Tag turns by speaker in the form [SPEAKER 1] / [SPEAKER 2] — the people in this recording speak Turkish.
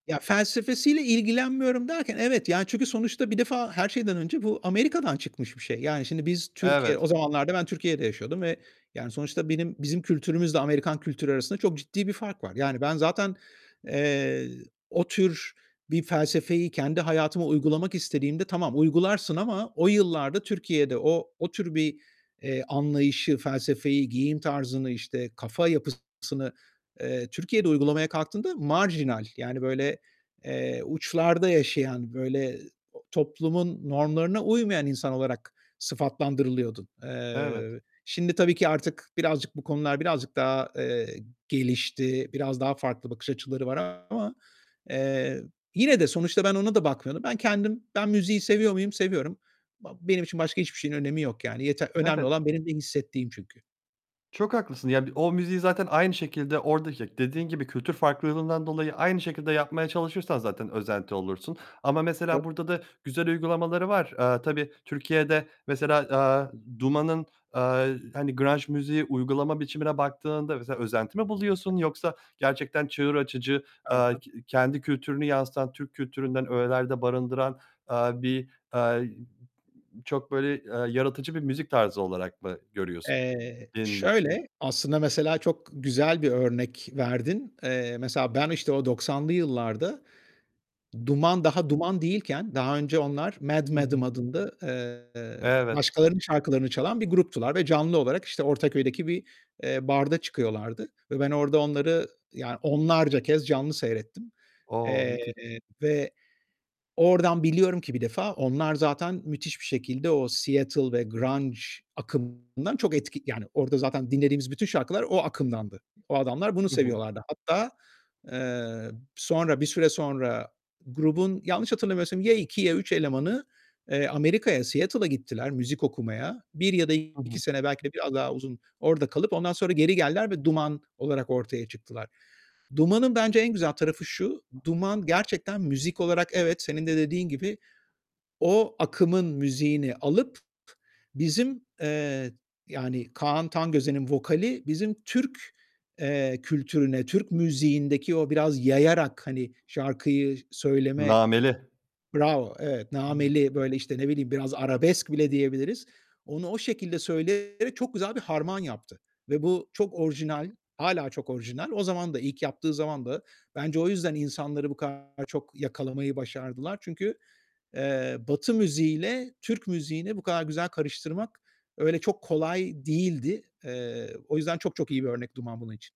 [SPEAKER 1] Ya felsefesiyle ilgilenmiyorum derken, evet, yani çünkü sonuçta bir defa her şeyden önce bu Amerika'dan çıkmış bir şey. Yani şimdi biz Türkiye, o
[SPEAKER 2] Evet.
[SPEAKER 1] zamanlarda ben Türkiye'de yaşıyordum ve yani sonuçta benim, bizim kültürümüzle Amerikan kültürü arasında çok ciddi bir fark var. Yani ben zaten, eee, o tür bir felsefeyi kendi hayatıma uygulamak istediğimde, tamam uygularsın ama o yıllarda Türkiye'de o, o tür bir, eee, anlayışı, felsefeyi, giyim tarzını, işte, kafa yapısını, eee, Türkiye'de uygulamaya kalktığında marjinal yani böyle, eee, uçlarda yaşayan, böyle toplumun normlarına uymayan insan olarak sıfatlandırılıyordun.
[SPEAKER 2] Evet.
[SPEAKER 1] Eee, şimdi tabii ki artık birazcık bu konular birazcık daha, eee, gelişti, biraz daha farklı bakış açıları var ama, eee, yine de sonuçta ben ona da bakmıyorum. Ben kendim, ben müziği seviyor muyum? Seviyorum. Ba benim için başka hiçbir şeyin önemi yok, yani yeter, önemli
[SPEAKER 2] Evet.
[SPEAKER 1] olan benim ne hissettiğim çünkü.
[SPEAKER 2] Çok haklısın. Ya bi o müziği zaten aynı şekilde, oradaki, dediğin gibi kültür farklılığından dolayı aynı şekilde yapmaya çalışırsan zaten özenti olursun. Ama mesela
[SPEAKER 1] [unintelligible]
[SPEAKER 2] burada da güzel uygulamaları var. Eee, tabii Türkiye'de mesela, aaa, Duman'ın, aaa, hani grunge müziği uygulama biçimine baktığında mesela özenti mi buluyorsun? Yoksa gerçekten çığır açıcı,
[SPEAKER 1] Ha
[SPEAKER 2] aaa,
[SPEAKER 1] ha.
[SPEAKER 2] k kendi kültürünü yansıtan Türk kültüründen öğelerde barındıran, aaa, bir, aaa çok böyle, aaa, yaratıcı bir müzik tarzı olarak mı görüyorsun
[SPEAKER 1] Eee,
[SPEAKER 2] yenilikçi?
[SPEAKER 1] şöyle, aslında mesela çok güzel bir örnek verdin. Eee, mesela ben işte o 90'lı yıllarda Duman, daha Duman değilken, daha önce onlar Mad
[SPEAKER 2] Hı hı.
[SPEAKER 1] Madame adında, eee,
[SPEAKER 2] Evet.
[SPEAKER 1] başkalarının şarkılarını çalan bir gruptular ve canlı olarak işte Ortaköy'deki bir, eee, barda çıkıyorlardı ve ben orada onları ya onlarca kez canlı seyrettim.
[SPEAKER 2] O!
[SPEAKER 1] Eee,
[SPEAKER 2] Müthiş.
[SPEAKER 1] ve oradan biliyorum ki bir defa, onlar zaten müthiş bir şekilde o Seattle ve grunge akımdan çok etki yani orda zaten dinlediğimiz bütün şarkılar o akımdandı. O adamlar bunu
[SPEAKER 2] Hı hı.
[SPEAKER 1] seviyorlardı. Hatta, eee, sonra, bir süre sonra grubun yanlış hatırlamıyorsam, ya 2 ya 3 elemanı, eee, Amerika'ya, Seattle'a gittiler müzik okumaya. 1 ya da
[SPEAKER 2] Hı
[SPEAKER 1] 2
[SPEAKER 2] hı.
[SPEAKER 1] sene belki de biraz daha uzun orada kalıp ondan sonra geri geldiler ve Duman olarak ortaya çıktılar. Duman'ın bence en güzel tarafı şu, Duman gerçekten müzik olarak evet, senin de dediğin gibi, o akımın müziğini alıp p bizim, eee, yani Kaan Tangöze'nin vokali bizim Türk, eee, kültürüne, Türk müziğindeki o biraz yayarak, hani şarkıyı söyleme
[SPEAKER 2] Nameli.
[SPEAKER 1] bravo, evet,
[SPEAKER 2] [unintelligible]
[SPEAKER 1] nameli, böyle işte, ne bileyim, biraz arabesk bile diyebiliriz. Onu o şekilde söyleyerek çok güzel bir harman yaptı ve bu çok orijinal, hâlâ çok orijinal. O zaman da, ilk yaptığı zaman da, bence o yüzden insanları bu kadar çok yakalamayı başardılar. Çünkü, eee, Batı müziğiyle Türk müziğini bu kadar güzel karıştırmak öyle çok kolay değildi. Eee, o yüzden çok çok iyi bir örnek Duman bunun için.